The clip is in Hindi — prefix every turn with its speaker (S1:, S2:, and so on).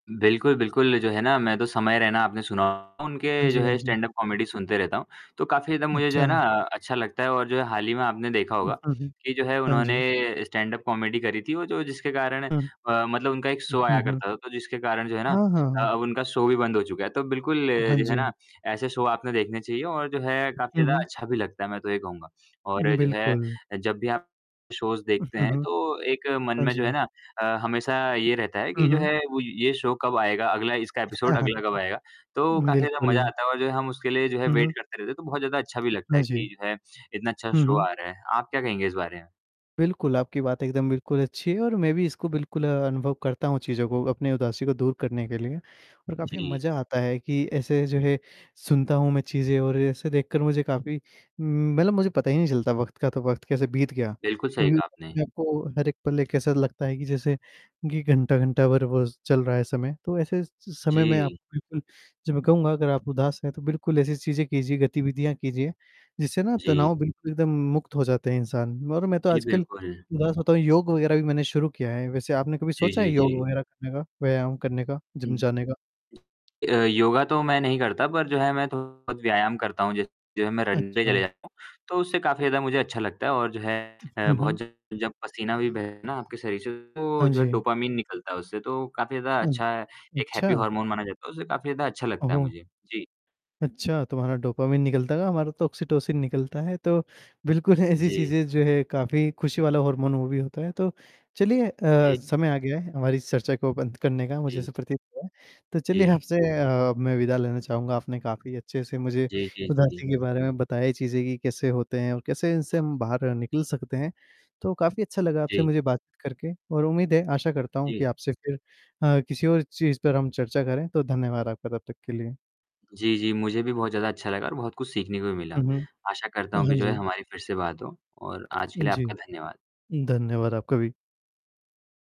S1: बिल्कुल, बिल्कुल, जो है ना मैं तो समय रैना आपने सुना होगा
S2: हाँ
S1: उनके जो
S2: जी, हाँ
S1: है
S2: जी।
S1: स्टैंड-अप कॉमेडी सुनते रहता हूँ। तो काफ़ी ज़्यादा मुझे जो है ना
S2: अच्छा।
S1: अच्छा लगता है और जो है हाल ही में आपने देखा
S2: उ
S1: होगा,
S2: हाँ, हुँ।
S1: कि जो है
S2: हाँ जी।
S1: उन्होंने स्टैंड-अप कॉमेडी करी थी और जो जिसके कारण
S2: हुँ।
S1: अ, मतलब उनका एक
S2: उ
S1: शो आया
S2: हुँ, हुँ।
S1: करता था, तो जिसके कारण जो है ना
S2: हाँ, हाँ,
S1: अ,
S2: हाँ।
S1: अब उनका शो भी बंद हो चुका है। तो बिल्कुल
S2: हाँ
S1: जो है
S2: जी।
S1: ना, ऐसे शो आपने देखने चाहिए और जो है काफ़ी
S2: हुँ,
S1: ज़्यादा
S2: हुँ।
S1: अच्छा भी लगता है मैं तो ये कहूँगा। और जो है
S2: बिल्कुल।
S1: अ, जब भी आप शोज़
S2: हुँ,
S1: देखते हैं,
S2: हुँ।
S1: तो एक मन
S2: हाँ
S1: में जो है
S2: जी।
S1: ना अ, हमेशा ये रहता है
S2: हुँ,
S1: कि जो
S2: हुँ।
S1: है वो ये शो कब आएगा, अगला इसका
S2: हाँ,
S1: एपिसोड
S2: हाँ,
S1: अगला कब आएगा। तो काफ़ी ज़्यादा मजा
S2: बिल्कुल।
S1: आता है और जो है हम उसके लिए जो है
S2: हुँ,
S1: वेट
S2: हुँ।
S1: करते रहते हैं, तो बहुत ज़्यादा अच्छा भी लगता
S2: हाँ
S1: है कि
S2: जी।
S1: जो है इतना अच्छा
S2: हुँ,
S1: शो
S2: हुँ।
S1: आ रहा है। आप क्या कहेंगे इस बारे में?
S2: बिल्कुल आपकी बात एकदम बिल्कुल अच्छी है और मैं भी इसको बिल्कुल अनुभव करता हूँ चीज़ों को, अपनी उदासी को दूर करने करने के लिए। और काफ़ी
S1: जी।
S2: मजा आता है कि ऐसे जो है सुनता हूँ मैं चीजें और ऐसे देखकर मुझे काफ़ी उम, मतलब मुझे पता ही नहीं चलता वक़्त का, तो वक़्त कैसे बीत गया।
S1: बिल्कुल, सही
S2: क्योंकि
S1: कहा आपने।
S2: को हर एक पल ऐसा लगता है कि जैसे कि घंटा-घंटा भर बस चल रहा है समय, तो ऐसे स समय में आप
S1: जी।
S2: बिल्कुल जो मैं कहूँगा अगर आप उदास हैं, तो बिल्कुल ऐसी चीज़ें कीजिए, गतिविधियाँ कीजिए, जिससे ना
S1: जी।
S2: तनाव बिल्कुल एकदम मुक्त हो जाता है इंसान और मैं तो
S1: जी,
S2: आजकल
S1: बिल्कुल।
S2: उदास होता हूँ, योग वगैरह भी मैंने शुरू किया है। वैसे आपने कभी
S1: जी,
S2: सोचा है
S1: जी,
S2: योग
S1: जी।
S2: वगैरह करने का, व्यायाम करने का,
S1: जी।
S2: जिम जाने का?
S1: अ, योगा तो मैं नहीं करता, पर जो है मैं थोड़ा बहुत व्यायाम करता हूँ, जैसे जो है मैं रन डे पे चले
S2: अच्छा।
S1: जाता हूँ, तो उससे काफ़ी ज़्यादा मुझे अच्छा लगता है और जो है
S2: उ
S1: अ,
S2: हुँ,
S1: बहुत
S2: हुँ।
S1: जब जब पसीना भी बहे ना आपके शरीर से, तो
S2: हाँ
S1: जो है
S2: जी।
S1: डोपामाइन निकलता है उससे तो काफ़ी ज़्यादा
S2: हुँ।
S1: अच्छा है, एक हैप्पी
S2: अच्छा।
S1: हॉर्मोन माना जाता है, उससे काफ़ी ज़्यादा अच्छा लगता है
S2: ओह!
S1: मुझे। जी।
S2: अच्छा, तुम्हारा डोपामाइन निकलता होगा, हमारा तो ऑक्सीटोसिन निकलता है, तो बिल्कुल ऐसी
S1: जी।
S2: चीज़ें जो है काफ़ी खुशी वाला हॉर्मोन वो भी होता है। तो चलिए अ,
S1: जी।
S2: समय आ गया है हमारी इस चर्चा को अब अंत करने का, मुझे
S1: जी।
S2: ऐसा प्रतीत होता है। तो चलिए
S1: जी।
S2: आपसे अ, मैं विदा लेना चाहूँगा, आपने काफ़ी अच्छे से मुझे
S1: जी, जी, जी।
S2: उदासी के बारे में बताई, चीज़ें कि कैसे होते हैं और कैसे इनसे हम बाहर निकल सकते हैं। तो काफ़ी अच्छा लगा आपसे
S1: जी।
S2: मुझे बातचीत करके और उम्मीद है, आशा करता हूँ कि
S1: जी।
S2: आपसे फिर अ, किसी और चीज़ पर हम चर्चा करें, तो धन्यवाद आपका तब तक के लिए।
S1: जी, जी। मुझे भी बहुत ज़्यादा अच्छा लगा और बहुत कुछ सीखने को भी
S2: अ,
S1: मिला।
S2: हुँ।
S1: आशा करता
S2: अ,
S1: हूँ कि
S2: हाँ
S1: जो है
S2: जी।
S1: हमारी फिर से बात हो और आज के लिए
S2: जी।
S1: आपका धन्यवाद।
S2: धन्यवाद आपका भी।